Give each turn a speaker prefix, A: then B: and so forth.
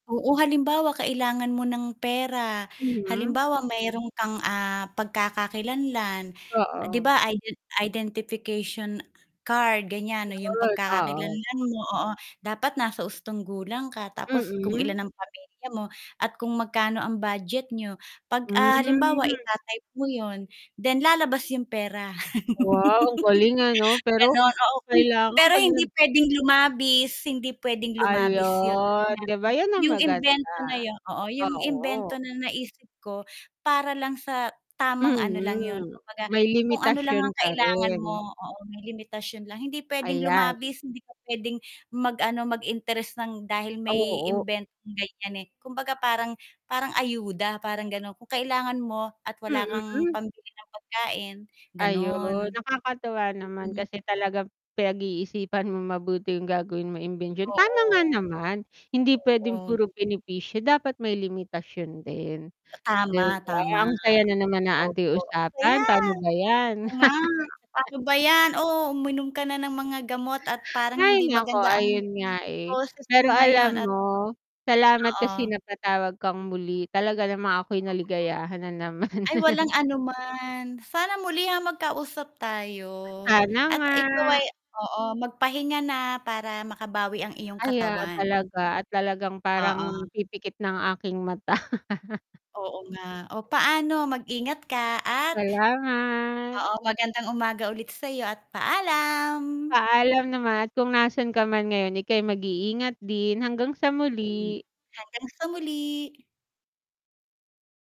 A: Oo, halimbawa kailangan mo ng pera,
B: Mm.
A: halimbawa mayroon kang, ah, pagkakakilanlan. 'Di
B: Oo.
A: ba, iden identification card, ganyan 'no, 'yong
B: Yon, oo.
A: pagkakakilanlan mo, oo, dapat nasa hustong gulang ka, tapos kung
B: Mm.
A: ilan ang pamilya mo at kung magkano ang budget n'yo. 'Pag, ah, halimbawa
B: Hmm.
A: ita-type mo 'yon then lalabas 'yong pera.
B: Wow! Ang galing ano, pero
A: Gan'on, oo hmm.
B: kailangan
A: Pero
B: 'pag
A: hindi
B: nag
A: pwedeng lumabis, hindi pwedeng lumabis yun kasi
B: Ayun,
A: nga
B: di ba, yan ang
A: yung
B: maganda.
A: imbento na yon oo, yung imbento
B: Oo.
A: na naisip ko para lang sa tamang ano lang yun,
B: Mm,
A: kumbaga
B: may
A: kung ano lang ang
B: limitasyon pa
A: kailangan
B: rin.
A: mo. Oo, may limitasyon lang hindi pwedeng
B: Ayan.
A: lumabis, hindi ka pwedeng mag-ano, mag-interest nang dahil may,
B: Oo.
A: imbentong ganyan, eh. Kumbaga, parang parang ayuda parang ganon, kung kailangan mo at wala kang
B: Mm.
A: pambili ng pagkain,
B: Ayun,
A: ganon.
B: nakakatuwa naman,
A: Mm.
B: kasi talagang pinag-iisipan mong mabuti yung gagawin mong imbensyon. Tama nga
A: Oo.
B: naman, hindi pwedeng
A: Oo.
B: puro benepisyo dapat may limitasyon din, di
A: Tama,
B: ba?
A: tama.
B: Ang saya na naman ng ating
A: Opo.
B: usapan,
A: Ayan!
B: pano ba yan?
A: Oo, nga. Paano ba yan, oh, uminom ka na ng mga gamot at parang
B: Hay,
A: hindi
B: naku
A: maganda ang
B: ayun nga, eh!
A: boses mo
B: Pero alam
A: ngayon at
B: mo, salamat kasi
A: oo.
B: napatawag kang muli, talaga namang ako'y
A: Oo.
B: naligayahan na naman
A: Ay, walang anuman. Sana muli, ah, nga magkausap tayo
B: Sana
A: at
B: nga.
A: ikaw ay oo, magpahinga na para makabawi ang iyong
B: Ayan,
A: katawan.
B: talaga at talagang parang
A: Oo.
B: pipikit na ang aking mata.
A: Oo, nga. Oh, paano mag ingat ka at
B: Salamat.
A: oo, magandang umaga ulit sayo at paalam.
B: Paalam naman at kung nasan ka man ngayon ika'y mag-iingat din, hanggang sa
A: Mm,
B: muli.
A: hanggang sa muli.